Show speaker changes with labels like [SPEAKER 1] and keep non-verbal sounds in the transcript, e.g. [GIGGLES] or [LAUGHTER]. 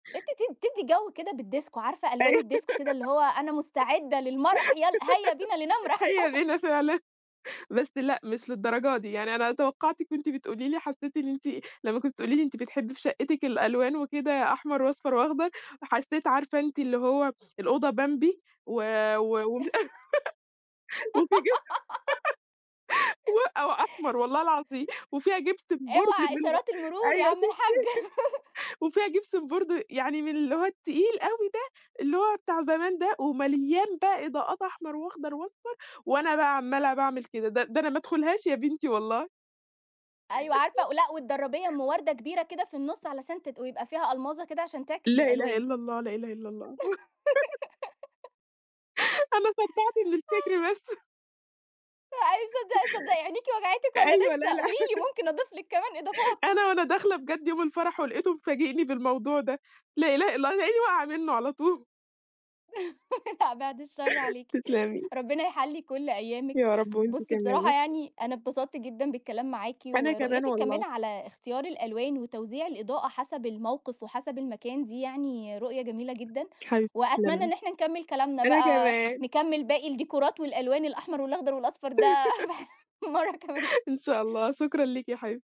[SPEAKER 1] أنتِ ت تِدّي جو كده بالديسكو، عارفة
[SPEAKER 2] أيوه
[SPEAKER 1] ألوان
[SPEAKER 2] [GIGGLES]
[SPEAKER 1] الديسكو كده اللي هو، أنا مُستعدة للمرح، يل هيا بنا لنمرح.
[SPEAKER 2] هيا
[SPEAKER 1] [LAUGHS]
[SPEAKER 2] بنا فعلًا، بس لأ، مش للدرجة دي، يعني أنا توقعتِك وأنتِ بتقولي لي حسّيت إن أنتِ لمّا كنتِ بتقولي لي أنتِ بتحبّي في شقتِك الألوان وكده أحمر وأصفر وأخضر، وحسيت عارفة إن أنتِ اللي هو الأوضة بمبي و و وم
[SPEAKER 1] [CHUCKLES]
[SPEAKER 2] [LAUGHS] وفي جم
[SPEAKER 1] [GIGGLES]
[SPEAKER 2] [LAUGHS] و أو أحمر. والله العظيم وفيها جيبسن بورد
[SPEAKER 1] إوعى
[SPEAKER 2] بالغ
[SPEAKER 1] إشارات المرور يا
[SPEAKER 2] أيوه،
[SPEAKER 1] عم
[SPEAKER 2] شُفتِ؟
[SPEAKER 1] الحاج. [LAUGHS]
[SPEAKER 2] [LAUGHS] وفيها جيبسن بورد، يعني من اللي هو التقيل أوي ده، اللي هو بتاع زمان ده، ومليان بقى إضاءات أحمر وأخضر وأصفر، وأنا بقى عمّاله باعمل كده، ده ده أنا ما أدخُلهاش يا بنتي والله.
[SPEAKER 1] أيوه عارفة ولأ، والدرّابية أٌم وردة كبيرة كده في النُّص، علشان تت ويبقى فيها ألماظة كده عشان تعكس
[SPEAKER 2] لا إله
[SPEAKER 1] الألوان.
[SPEAKER 2] إلا الله، لا إله إلا الله. [LAUGHS]
[SPEAKER 1] [GIGGLES]
[SPEAKER 2] [LAUGHS] أنا صدّعت من الفِكر بس.
[SPEAKER 1] [UNINTELLIGIBLE]
[SPEAKER 2] [CHUCKLES]
[SPEAKER 1] صدّقي صدّقي، عينيكِ وجعتِك والّا
[SPEAKER 2] أيوه، لا
[SPEAKER 1] لسه؟
[SPEAKER 2] لا.
[SPEAKER 1] قولي لي
[SPEAKER 2] [LAUGHS]
[SPEAKER 1] ممكن أضيف لِك كمان
[SPEAKER 2] [LAUGHS]
[SPEAKER 1] إضافات.
[SPEAKER 2] أنا وأنا داخلة بجد يوم الفرح، ولقيته مفاجئني بالموضوع ده، لا إله إلا هيلاقيني واقعة منه على طول.
[SPEAKER 1] [LAUGHS] لأ، بعيد الشر
[SPEAKER 2] [LAUGHS]
[SPEAKER 1] عليكِ،
[SPEAKER 2] تسلمي.
[SPEAKER 1] ربنا يحلّي كُلّ أيامِك،
[SPEAKER 2] يا رب، وأنتِ
[SPEAKER 1] بُصي
[SPEAKER 2] كمان.
[SPEAKER 1] بصراحة يعني أنا اتبسطت جدًا بالكلام معاكِ،
[SPEAKER 2] أنا كمان
[SPEAKER 1] ورؤيتِك كمان
[SPEAKER 2] والله.
[SPEAKER 1] على اختيار الألوان، وتوزيع الإضاءة حسب الموقف، وحسب المكان دي يعني رؤية جميلة جدًا،
[SPEAKER 2] حبيبتي
[SPEAKER 1] وأتمنى
[SPEAKER 2] تسلمي،
[SPEAKER 1] إن إحنا نكمّل كلامنا
[SPEAKER 2] أنا
[SPEAKER 1] بقى،
[SPEAKER 2] كمان.
[SPEAKER 1] نكمل باقي الديكورات والألوان الأحمر والأخضر والأصفر ده
[SPEAKER 2] [LAUGHS]
[SPEAKER 1] [LAUGHS] مرة كمان.
[SPEAKER 2] [LAUGHS] إن شاء الله، شكرًا ليكِ يا حبيبتي.